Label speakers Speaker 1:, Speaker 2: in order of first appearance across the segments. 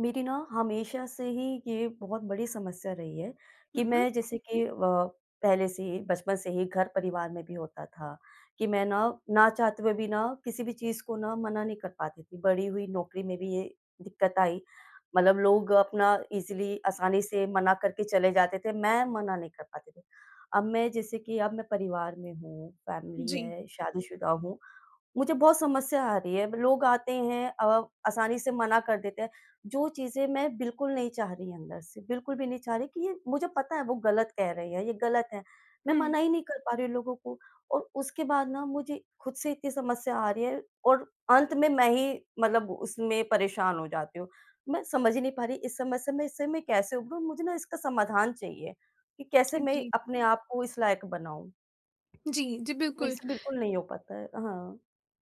Speaker 1: मेरी ना, हमेशा से ही ये बहुत बड़ी समस्या रही है
Speaker 2: हुँ,
Speaker 1: कि
Speaker 2: हुँ।
Speaker 1: मैं जैसे कि अ, पहले से ही, बचपन से ही घर परिवार में भी होता था कि मैं ना, ना चाहते हुए भी ना, किसी भी चीज़ को ना मना नहीं कर पाती थी। बड़ी हुई, नौकरी में भी ये दिक्कत आई, मतलब लोग अपना ईज़िली आसानी से मना करके चले जाते थे, मैं मना नहीं कर पाती थी। अब मैं जैसे कि अब मैं परिवार में हूँ, फ़ैमिली
Speaker 2: जी।
Speaker 1: है, शादीशुदा हूँ, मुझे बहुत समस्या आ रही है, लोग आते हैं अ, आसानी से मना कर देते हैं, जो चीज़ें मैं बिल्कुल नहीं चाह रही अंदर से, बिल्कुल भी नहीं चाह रही कि ये मुझे पता है, वो गलत कह रहे हैं, ये गलत है। मैं
Speaker 2: हुँ।
Speaker 1: मना ही नहीं कर पा रही हूँ लोगों को और उसके बाद ना, मुझे खुद से इतनी समस्या आ रही है और अंत में मैं ही मतलब उसमें परेशान हो जाती हूँ। मैं समझ ही नहीं पा रही, इस समस्या में इससे मैं कैसे उभरूँ? मुझे ना इसका समाधान चाहिए कि कैसे
Speaker 2: अ,
Speaker 1: मैं
Speaker 2: जी।
Speaker 1: अपने आप को इस लायक बनाऊँ?
Speaker 2: जी, जी,
Speaker 1: मेरे
Speaker 2: बिल्कुल।
Speaker 1: से बिल्कुल नहीं हो पाता है। हाँ।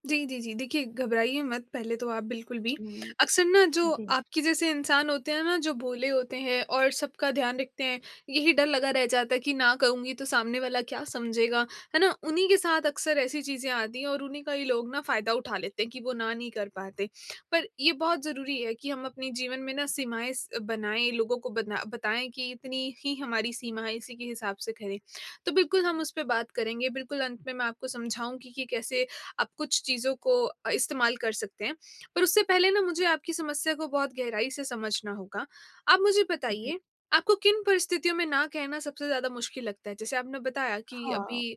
Speaker 2: जी, जी, जी, देखिए, घबराइए मत, पहले तो आप बिल्कुल भी।
Speaker 1: हुँ।
Speaker 2: अक्सर ना, जो
Speaker 1: जी।
Speaker 2: आपके जैसे इंसान होते हैं ना, जो भोले होते हैं और सबका ध्यान रखते हैं, यही डर लगा रह जाता है कि, "ना कहूँगी, तो सामने वाला क्या समझेगा?" है ना? उन्हीं के साथ अक्सर ऐसी चीज़ें आती हैं और उन्हीं का ही लोग ना फ़ायदा उठा लेते हैं कि वो ना नहीं कर पाते। पर ये बहुत ज़रूरी है कि हम अपने जीवन में ना सीमाएँ स अ, बनाएँ, लोगों को बना बताएँ कि, "इतनी ही हमारी सीमा है, इसी के हिसाब से करें।" तो बिल्कुल, हम उसपे बात करेंगे, बिल्कुल, अंत में मैं आपको समझाऊँगी कि कैसे आप कुछ चीज़ों को अ, इस्तेमाल कर सकते हैं। पर उससे पहले ना, मुझे आपकी समस्या को बहुत गहराई से समझना होगा। आप मुझे
Speaker 1: जी।
Speaker 2: बताइए, आपको किन परिस्थितियों में ना कहना सबसे ज़्यादा मुश्किल लगता है? जैसे आपने बताया कि
Speaker 1: हाँ,
Speaker 2: अभी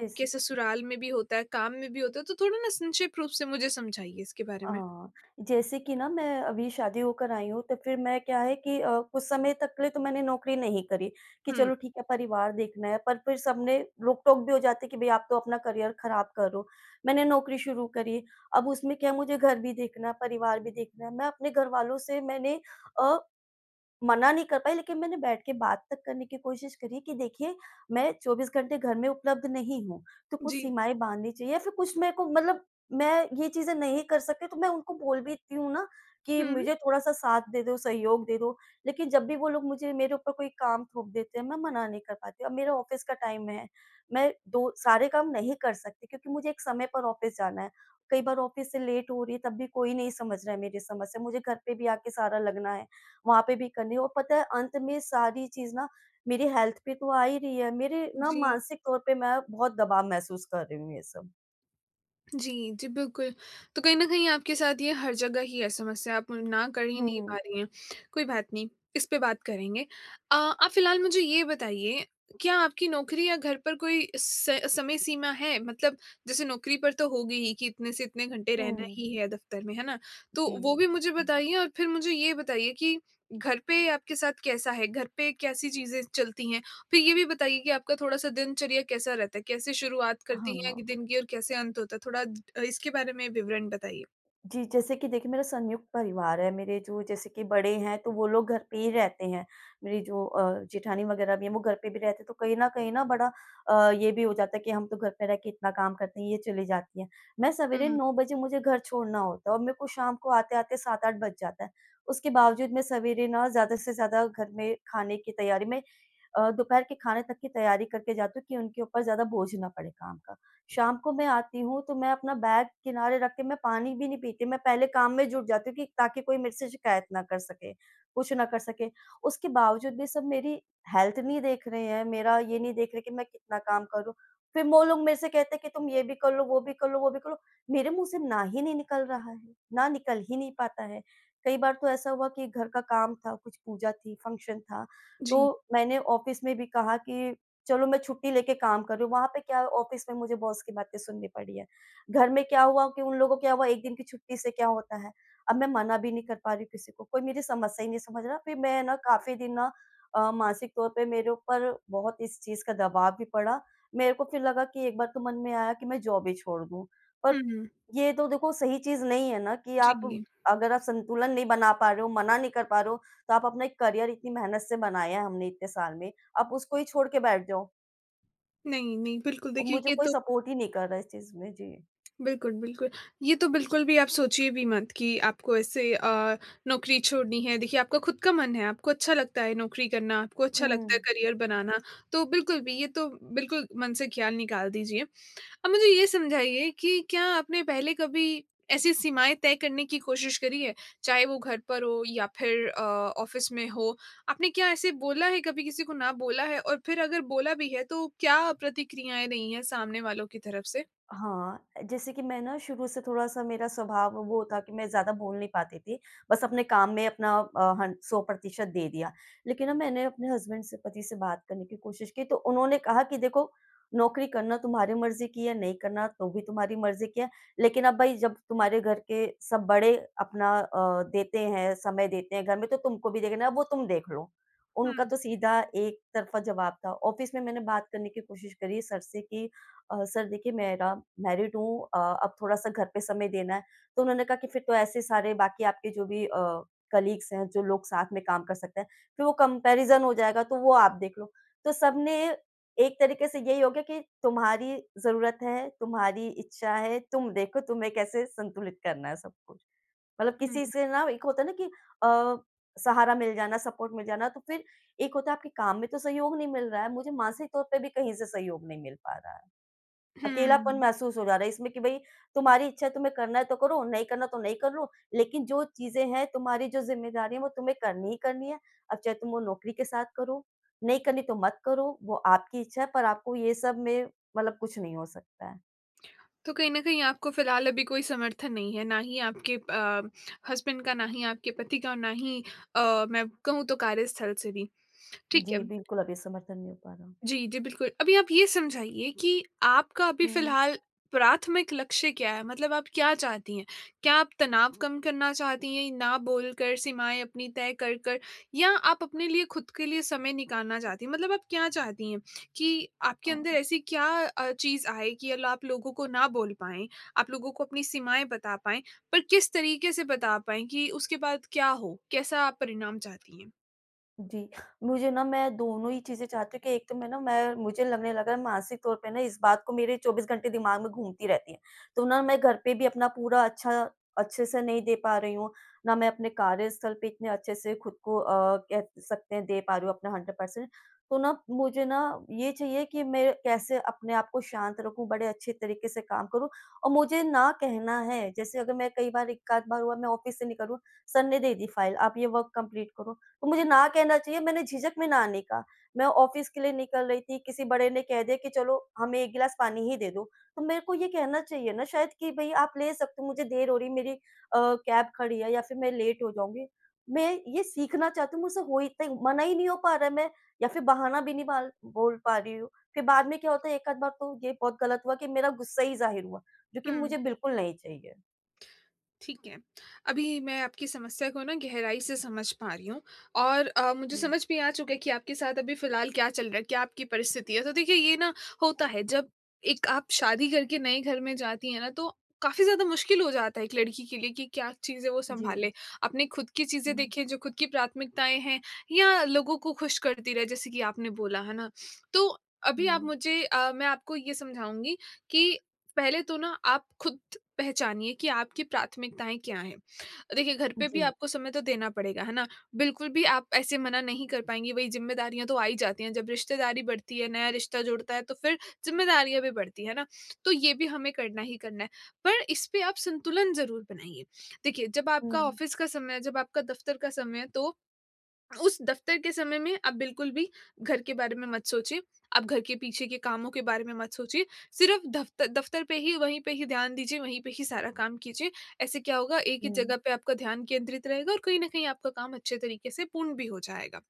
Speaker 1: जैसे
Speaker 2: ससुराल में भी होता है, काम में भी होता है, तो थोड़ा ना संक्षिप्त रूप से मुझे समझाइए इसके बारे में।
Speaker 1: हाँ, जैसे कि ना, मैं अभी शादी होकर आई हूँ, तो फिर मैं क्या है कि अ, कुछ समय तक के लिए तो मैंने नौकरी नहीं करी कि,
Speaker 2: हुँ।
Speaker 1: "चलो, ठीक है, परिवार देखना है।" पर फिर सबने रोक-टोक भी हो जाते है कि, "भई, आप तो अपना करियर खराब कर रहे हो।" मैंने नौकरी शुरू करी, अब उसमें क्या है, मुझे घर भी देखना है, परिवार भी देखना है, मैं अपने घर वालों से मैंने अ, मना नहीं कर पाई, लेकिन मैंने बैठ के बात तक करने की कोशिश करी है कि, "देखिए, मैं 24 घंटे घर में उपलब्ध नहीं हूँ।" तो कुछ
Speaker 2: जी।
Speaker 1: सीमाएँ बाँधनी चाहिए या फिर कुछ मेरे को मतलब मैं ये चीज़ें नहीं कर सकती, तो मैं उनको बोल भी देती हूँ ना कि,
Speaker 2: हुँ।
Speaker 1: "मुझे थोड़ा-सा साथ दे दो, सहयोग दे दो।" लेकिन जब भी वो लोग मुझे मेरे ऊपर कोई काम थोप देते हैं, मैं मना नहीं कर पाती। अब मेरा ऑफ़िस का टाइम है, मैं दो सारे काम नहीं कर सकती क्योंकि मुझे एक समय पर ऑफ़िस जाना है। कई बार ऑफ़िस से लेट हो रही है, तब भी कोई नहीं समझ रहा है मेरी समस्या। मुझे घर पे भी आके सारा लगना है, वहाँ पे भी करनी है और पता है, अंत में सारी चीज़ ना, मेरी हेल्थ पे तो आ ही रही है, मेरे ना,
Speaker 2: जी।
Speaker 1: मानसिक तौर पे मैं बहुत दबाव महसूस कर रही हूँ, ये सब।
Speaker 2: जी। जी, बिल्कुल। तो कहीं न कहीं आपके साथ ये हर जगह ही है समस्या, आप ना कर ही
Speaker 1: हुँ,
Speaker 2: नहीं
Speaker 1: हुँ।
Speaker 2: पा रही हैं। कोई बात नहीं, इस पे बात करेंगे। अ, आप फ़िलहाल मुझे ये बताइए क्या आपकी नौकरी या घर पर कोई स समय सीमा है? मतलब जैसे नौकरी पर तो होगी ही कि इतने से कितने घंटे रहना
Speaker 1: हुँ।
Speaker 2: ही है दफ़्तर में, है ना? तो वो
Speaker 1: जी।
Speaker 2: भी मुझे बताइए और फिर मुझे ये बताइए कि घर पे आपके साथ कैसा है, घर पे कैसी चीज़ें चलती हैं? फिर ये भी बताइए कि आपका थोड़ा सा दिनचर्या कैसा रहता है? कैसे शुरुआत करती हैं
Speaker 1: हाँ।
Speaker 2: दिन की और कैसे अंत होता है? थोड़ा द इसके बारे में विवरण बताइए।
Speaker 1: जी जैसे कि देखिए मेरा संयुक्त परिवार है। मेरे जो जैसे कि बड़े हैं तो वो लोग घर पे ही रहते हैं, मेरी जो अ, जेठानी वग़ैरह भी है वो घर पे भी रहते हैं। तो कहीं न कहीं ना अ, ये भी हो जाता है कि हम तो घर पे रह के इतना काम करते हैं, ये चली जाती है। मैं
Speaker 2: हुँ,
Speaker 1: सवेरे
Speaker 2: हुँ।
Speaker 1: 9 बजे मुझे घर छोड़ना होता है और मेरे को शाम को आते-आते 7-8 बज जाता है। उसके बावज़ूद मैं सवेरे न ज़्यादा से ज़्यादा घर में खाने की तैयारी में अ, दोपहर के खाने तक की तैयारी करके जाती हूँ कि उनके ऊपर ज़्यादा बोझ ना पड़े काम का। शाम को मैं आती हूँ तो मैं अपना बैग किनारे रख के मैं पानी भी नहीं पीती, मैं पहले काम में जुट जाती हूँ कि ताकि कोई मेरे से शिकायत ना कर सके, कुछ ना कर सके। उसके बावज़ूद भी सब मेरी हेल्थ नहीं देख रहे हैं, मेरा ये नहीं देख रहे हैं कि मैं कितना काम करूँ। फिर वो लोग मेरे से कहते हैं कि तुम ये भी कर लो, वो भी कर लो, वो भी कर लो। मेरे मुँह से ना ही नहीं निकल रहा है। ना निकल ही नहीं पाता है। कई बार तो ऐसा हुआ कि घर का काम था, कुछ पूजा थी, फ़ंक्शन था,
Speaker 2: जी।
Speaker 1: तो मैंने ऑफिस में भी कहा कि चलो मैं छुट्टी लेकर काम कर रही हूँ। वहाँ पे क्या ऑफिस में मुझे बॉस की बातें सुननी पड़ रही हैं। घर में क्या हुआ कि उन लोगों को क्या हुआ 1 दिन की छुट्टी से क्या होता है? अब मैं मना भी नहीं कर पा रही हूँ किसी को। कोई मेरी समस्या ही नहीं समझ रहा। फिर मैं न काफ़ी दिन ना अ, मानसिक तौर पे मेरे ऊपर बहुत इस चीज़ का दबाव भी पड़ा। मेरे को फिर लगा कि एक बार तो मन में आया कि मैं जॉब ही छोड़ दूँ।
Speaker 2: हुँ,
Speaker 1: पर
Speaker 2: हुँ।
Speaker 1: ये तो देखो सही चीज़ नहीं है ना कि आप
Speaker 2: जी।
Speaker 1: अगर आप संतुलन नहीं बना पा रहे हो, मना नहीं कर पा रहे हो तो आप अपना एक करियर इतनी मेहनत से बनाया है हमने इतने साल में, आप उसको ही छोड़ के बैठ जाओ।
Speaker 2: नहीं, नहीं बिल्कुल देखिए
Speaker 1: मुझे
Speaker 2: ये
Speaker 1: कोई
Speaker 2: तो
Speaker 1: सपोर्ट ही नहीं कर रहा इस चीज़ में जी।
Speaker 2: बिल्कुल, बिल्कुल। ये तो बिल्कुल भी आप सोचिए भी मत कि आपको ऐसे अ, नौकरी छोड़नी है, देखिए आपका ख़ुद का मन है आपको अच्छा लगता है नौकरी करना, आपको अच्छा लगता है
Speaker 1: हुँ।
Speaker 2: करियर बनाना, तो बिल्कुल भी ये तो बिल्कुल मन से ख़्याल निकाल दीजिए। अब मुझे ये समझाइए कि क्या आपने पहले कभी ऐसी सीमाएँ तय करने की कोशिश करी है, चाहे वो घर पर हो या फिर अ, ऑफ़िस में हो, आपने क्या ऐसे बोला है कभी किसी को ना बोला है और फिर अगर बोला भी है, तो क्या प्रतिक्रियाएँ रही है सामने वालों की तरफ़ से?
Speaker 1: हाँ। अ, जैसे कि मैं ना शुरू से थोड़ा-सा मेरा स्वभाव वो था कि मैं ज़्यादा बोल नहीं पाती थी, बस अपने काम में अपना अ, हन 100% दे दिया। लेकिन ना मैंने अपने हसबैंड से पति से बात करने की कोशिश की, तो उन्होंने कहा कि देखो, नौकरी करना तुम्हारी मर्ज़ी की है, नहीं करना तो भी तुम्हारी मर्ज़ी की है, लेकिन अब भई जब तुम्हारे घर के सब बड़े अपना अ, देते हैं समय देते हैं घर में, तो तुमको भी देखना है वो तुम देख लो, उनका
Speaker 2: हुँ।
Speaker 1: तो सीधा एक तरफा जवाब था। ऑफिस में मैंने बात करने की कोशिश करी सर से कि अ, सर देखिए, मेरा मैरिड हूँ अ, अब थोड़ा-सा घर पे समय देना है, तो उन्होंने कहा कि फिर तो ऐसे सारे बाकी आपके जो भी अ, कलीग्स हैं, जो लोग साथ में काम कर सकते हैं फिर वो कंपैरिज़न हो जाएगा, तो वो आप देख लो। तो सबने एक तरीके से यही हो गया कि तुम्हारी ज़रूरत है, तुम्हारी इच्छा है, तुम देखो तुम्हें कैसे संतुलित करना है सब कुछ। मतलब किसी
Speaker 2: हुँ।
Speaker 1: से ना एक होता है ना कि अ, सहारा मिल जाना, सपोर्ट मिल जाना, तो फिर एक होता है आपके काम में तो सहयोग नहीं मिल रहा है, मुझे मानसिक तौर पे भी कहीं से सहयोग नहीं मिल पा रहा है। अकेलापन
Speaker 2: हुँ।
Speaker 1: महसूस हो जा रहा है इसमें कि भई तुम्हारी इच्छा है तुम्हें करना है तो करो, नहीं करना तो नहीं करो, लेकिन जो चीज़ें हैं तुम्हारी जो ज़िम्मेदारी है वो तुम्हें करनी ही करनी है, अब चाहे तुम वो नौकरी के साथ करो, नहीं करनी तो मत करो, वो आपकी इच्छा है पर आपको ये सब में मतलब कुछ नहीं हो सकता है।
Speaker 2: तो कहीं न कहीं आपको फिलहाल अभी कोई समर्थन नहीं है, ना ही आपके अ, हसबैंड का, ना ही आपके पति का, ना ही अ, मैं कहूँ तो कार्यस्थल से भी, ठीक है।
Speaker 1: जी बिल्कुल, अभी समर्थन नहीं हो पा रहा।
Speaker 2: जी, जी, बिल्कुल। अभी आप ये समझाइए कि आपका अभी
Speaker 1: हुँ।
Speaker 2: फिलहाल प्राथमिक लक्ष्य क्या है, मतलब आप क्या चाहती हैं? क्या आप तनाव कम करना चाहती हैं, ना बोलकर सीमाएँ अपनी तय कर कर या आप अपने लिए खुद के लिए समय निकालना चाहती हैं? मतलब आप क्या चाहती हैं कि आपके
Speaker 1: अ,
Speaker 2: अंदर
Speaker 1: हाँ।
Speaker 2: ऐसी क्या अ, चीज़ आए कि ल आप लोगों को ना बोल पाएँ, आप लोगों को अपनी सीमाएँ बता पाएँ, पर किस तरीके से बता पाएँ कि उसके बाद क्या हो, कैसा आप परिणाम चाहती हैं?
Speaker 1: जी। मुझे ना मैं दोनों ही चीज़ें चाहती हूँ कि एक तो मैं ना मैं मुझे लगने लगा रहा है मानसिक तौर पे ना, इस बात को मेरे 24 घंटे दिमाग में घूमती रहती है। तो ना, मैं घर पे भी अपना पूरा अच्छा अच्छे से नहीं दे पा रही हूँ, ना मैं अपने कार्यस्थल पे इतने अच्छे से खुद को अ, कह सकते हैं दे पा रही हूँ, अपना 100% पर्सेंट। तो ना, मुझे ना ये चाहिए कि मैं कैसे अपने आप को शांत रखूँ, बड़े अच्छे तरीके से काम करूँ। और मुझे ना कहना है जैसे अगर मैं कई बार एक-आध बार हुआ मैं ऑफ़िस से निकलूँ, सर ने दे दी फ़ाइल आप ये वर्क कंप्लीट करो, तो मुझे ना कहना चाहिए मैंने झिझक में ना नहीं का। मैं ऑफ़िस के लिए निकल रही थी, किसी बड़े ने कह दिया कि चलो हमें एक गिलास पानी ही दे दो, तो मेरे को ये कहना चाहिए ना शायद कि भई आप ले सकते हो, मुझे देर हो रही है, मेरी अ, कैब खड़ी है या फ़िर मैं लेट हो जाऊँगी। मैं ये सीखना चाहती हूँ, मुझसे हो ही तइ मना ही नहीं हो पा रहा है, मैं या फ़िर बहाना भी नहीं बाल बोल पा रही हूँ। फ़िर बाद में क्या होता है, एक-आध बार तो ये बहुत गलत हुआ कि मेरा गुस्सा ही ज़ाहिर हुआ, जो कि
Speaker 2: हुँ।
Speaker 1: मुझे बिल्कुल नहीं चाहिए।
Speaker 2: ठीक है, अभी मैं आपकी समस्या को ना गहराई से समझ पा रही हूँ और अ, मुझे
Speaker 1: हुँ।
Speaker 2: समझ भी आ चुका है कि आपके साथ अभी फ़िलहाल क्या चल रहा है, क्या आपकी परिस्थिति है। तो देखिए ये ना होता है जब एक आप शादी करके नए घर में जाती हैं ना तो काफ़ी ज़्यादा मुश्किल हो जाता है एक लड़की के लिए कि क्या चीज़ें वो
Speaker 1: जी।
Speaker 2: संभाले। अपने खुद की चीज़ें
Speaker 1: हुँ।
Speaker 2: देखें, जो खुद की प्राथमिकताएँ हैं या लोगों को ख़ुश करती रहे जैसे कि आपने बोला। है ना? तो अभी आप
Speaker 1: हुँ।
Speaker 2: मुझे अ, मैं आपको ये समझाऊँगी कि पहले तो ना आप खुद पहचानिए कि आपकी प्राथमिकताएँ क्या हैं? देखिए घर पे भी
Speaker 1: जी।
Speaker 2: आपको समय तो देना पड़ेगा है ना, बिल्कुल भी आप ऐसे मना नहीं कर पाएँगी वही ज़िम्मेदारियाँ तो आ ही जाती हैं जब रिश्तेदारी बढ़ती है, नया रिश्ता जुड़ता है तो फ़िर ज़िम्मेदारियाँ भी बढ़ती हैं। है ना? तो ये भी हमें करना ही करना है पर इस पे आप संतुलन ज़रूर बनाइए। देखिए, जब आपका
Speaker 1: हुँ।
Speaker 2: ऑफिस का समय है, जब आपका दफ़्तर का समय है तो उस दफ़्तर के समय में आप बिल्कुल भी घर के बारे में मत सोचिए, आप घर के पीछे के कामों के बारे में मत सोचिए। सिर्फ़ दफ़्तर दफ़्तर पे ही, वहीं पे ही ध्यान दीजिए, वहीं पे ही सारा काम कीजिए। ऐसे क्या होगा एक ही
Speaker 1: हुँ।
Speaker 2: जगह पे आपका ध्यान केंद्रित रहेगा और कहीं न कहीं आपका काम अच्छे तरीके से पूर्ण भी हो जाएगा।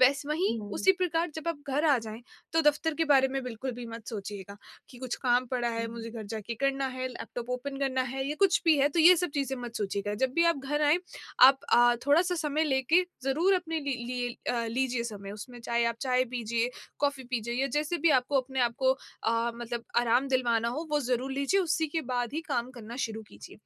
Speaker 2: वैसे वहीं
Speaker 1: हुँ।
Speaker 2: उसी प्रकार जब आप घर आ जाएँ तो दफ़्तर के बारे में बिल्कुल भी मत सोचिएगा कि कुछ काम पड़ा है,
Speaker 1: हुँ।
Speaker 2: मुझे घर जाके करना है लैपटॉप ओपन करना है या कुछ भी है तो ये सब चीज़ें मत सोचिएगा। जब भी आप घर आएँ आप अ, थोड़ा-सा समय लेके ज़रूर अपने लि लिए अ, लीजिए समय उसमें चाहे आप चाय पीजिए, कॉफी पीजिए या जैसे भी आपको अपने आप को अ, मतलब आराम दिलवाना हो वो ज़रूर लीजिए, उसी के बाद ही काम करना शुरू कीजिए।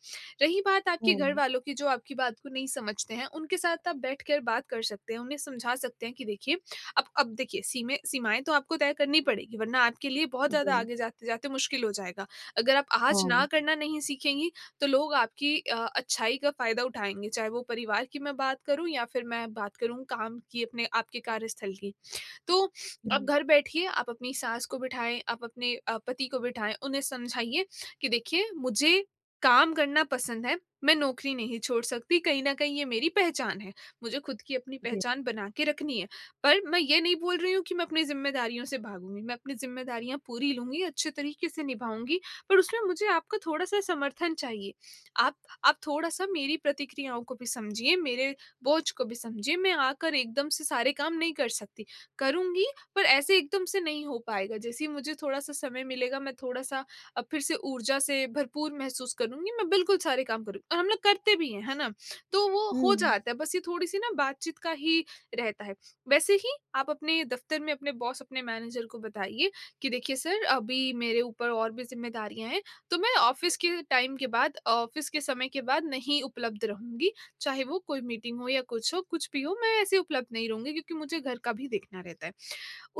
Speaker 2: रही बात आपके
Speaker 1: हुँ।
Speaker 2: घरवालों की जो आपकी बात को नहीं समझते हैं उनके साथ आप बैठ कर बात कर सकते हैं, उन्हें समझा सकते हैं कि देखिए अब अब देखिए, सी सीमाएँ तो आपको तय करनी पड़ेंगी वरना आपके लिए बहुत ज़्यादा
Speaker 1: जी।
Speaker 2: आगे जाते-जाते मुश्किल हो जाएगा। अगर आप आज ना
Speaker 1: हाँ।
Speaker 2: करना नहीं सीखेंगी तो लोग आपकी अ, अच्छाई का फ़ायदा उठाएँगे चाहे वो परिवार की मैं बात करूँ या फ़िर मैं बात करूँ काम की अपने आपके कार्यस्थल की। तो अब
Speaker 1: हुँ।
Speaker 2: घर बैठिए आप अपनी सास को बिठाएँ, आप अपने अ, पति को बिठाएँ उन्हें समझाइए कि देखिए, मुझे काम करना पसंद है मैं नौकरी नहीं छोड़ सकती, कहीं न कहीं ये मेरी पहचान है। मुझे ख़ुद की अपनी
Speaker 1: जी।
Speaker 2: पहचान बना के रखनी है, पर मैं ये नहीं बोल रही हूँ कि मैं अपनी ज़िम्मेदारियों से भागूँगी, मैं अपनी ज़िम्मेदारियाँ पूरी लूँगी अच्छे तरीके से निभाऊँगी पर उसमें मुझे आपका थोड़ा-सा समर्थन चाहिए। आप आप थोड़ा-सा मेरी प्रतिक्रियाओं को भी समझिए, मेरे बोझ को भी समझिए मैं आकर एकदम से सारे काम नहीं कर सकती, करूँगी पर ऐसे एकदम से नहीं हो पाएगा। जैसे ही मुझे थोड़ा-सा समय मिलेगा मैं थोड़ा-सा अ, फ़िर से ऊर्जा से भरपूर महसूस करूँगी, मैं बिल्कुल सारे काम करूँगी और हम लोग करते भी हैं। है ना? तो वो हो
Speaker 1: हुँ।
Speaker 2: जाता है बस ये थोड़ी-सी ना बातचीत का ही रहता है। वैसे ही आप अपने दफ़्तर में अपने बॉस अपने मैनेजर को बताइए कि देखिए सर अभी मेरे ऊपर और भी ज़िम्मेदारियाँ हैं तो मैं ऑफिस के टाइम के बाद ऑफिस के समय के बाद नहीं उपलब्ध रहूँगी चाहे वो कोई मीटिंग हो या कुछ हो कुछ भी हो मैं ऐसे उपलब्ध नहीं रहूँगी क्योंकि मुझे घर का भी देखना रहता है।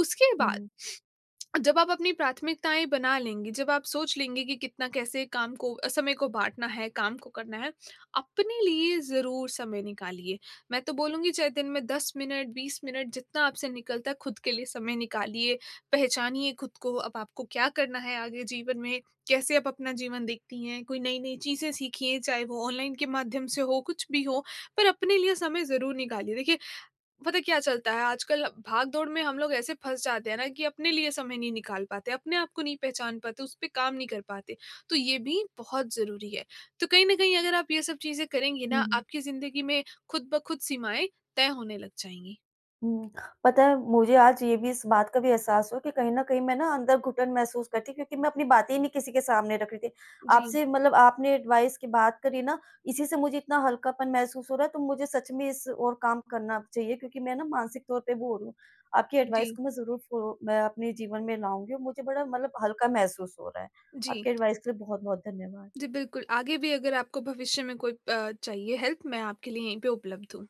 Speaker 2: उसके बाद
Speaker 1: हुँ।
Speaker 2: जब आप अपनी प्राथमिकताएँ बना लेंगे, जब आप सोच लेंगे कि कितना कैसे काम को, समय को बाँटना है, काम को करना है, अपने लिए ज़रूर समय निकालिए। मैं तो बोलूँगी चाहे दिन में 10 मिनट, 20 मिनट जितना आपसे निकलता है ख़ुद के लिए समय निकालिए, पहचानिए ख़ुद को। अब आपको क्या करना है आगे जीवन में, कैसे आप अपना जीवन देखती हैं? कोई नई-नई चीज़ें सीखिए चाहे वो ऑनलाइन के माध्यम से हो कुछ भी हो पर अपने लिए समय ज़रूर निकालिए। देखिए, पता क्या चलता है आजकल भाग दौड़ में हम लोग ऐसे फँस जाते हैं ना कि अपने लिए समय नहीं निकाल पाते, अपने आप को नहीं पहचान पाते, उस पे काम नहीं कर पाते, तो ये भी बहुत ज़रूरी है। तो कहीं न कहीं अगर आप ये सब चीज़ें करेंगी ना
Speaker 1: हुँ।
Speaker 2: आपकी ज़िंदगी में ख़ुद-ब-ख़ुद सीमाएँ तय होने लग जाएँगी।
Speaker 1: हुँ, पता है मुझे आज ये भी इस बात का भी एहसास हुआ कि कहीं न कहीं मैं ना अंदर घुटन महसूस करती क्योंकि मैं अपनी बातें ही नहीं किसी के सामने रख रही थी।
Speaker 2: जी।
Speaker 1: आपसे मतलब आपने एडवाइस की बात करी ना इसी से मुझे इतना हल्कापन महसूस हो रहा है। तो मुझे सच में इस ओर काम करना चाहिए क्योंकि मैं ना मानसिक तौर पे वो हो रही हूँ। आपकी एडवाइस
Speaker 2: जी।
Speaker 1: को मैं ज़रूर फ़ो मैं अपने जीवन में लाऊँगी और मुझे बड़ा मतलब हल्का महसूस हो रहा है।
Speaker 2: जी।
Speaker 1: आपके एडवाइस के लिए बहुत-बहुत धन्यवाद।
Speaker 2: जी, बिल्कुल आगे भी अगर आपको भविष्य में कोई अ, चाहिए हेल्प मैं आपके लिए यहीं पे उपलब्ध हूँ।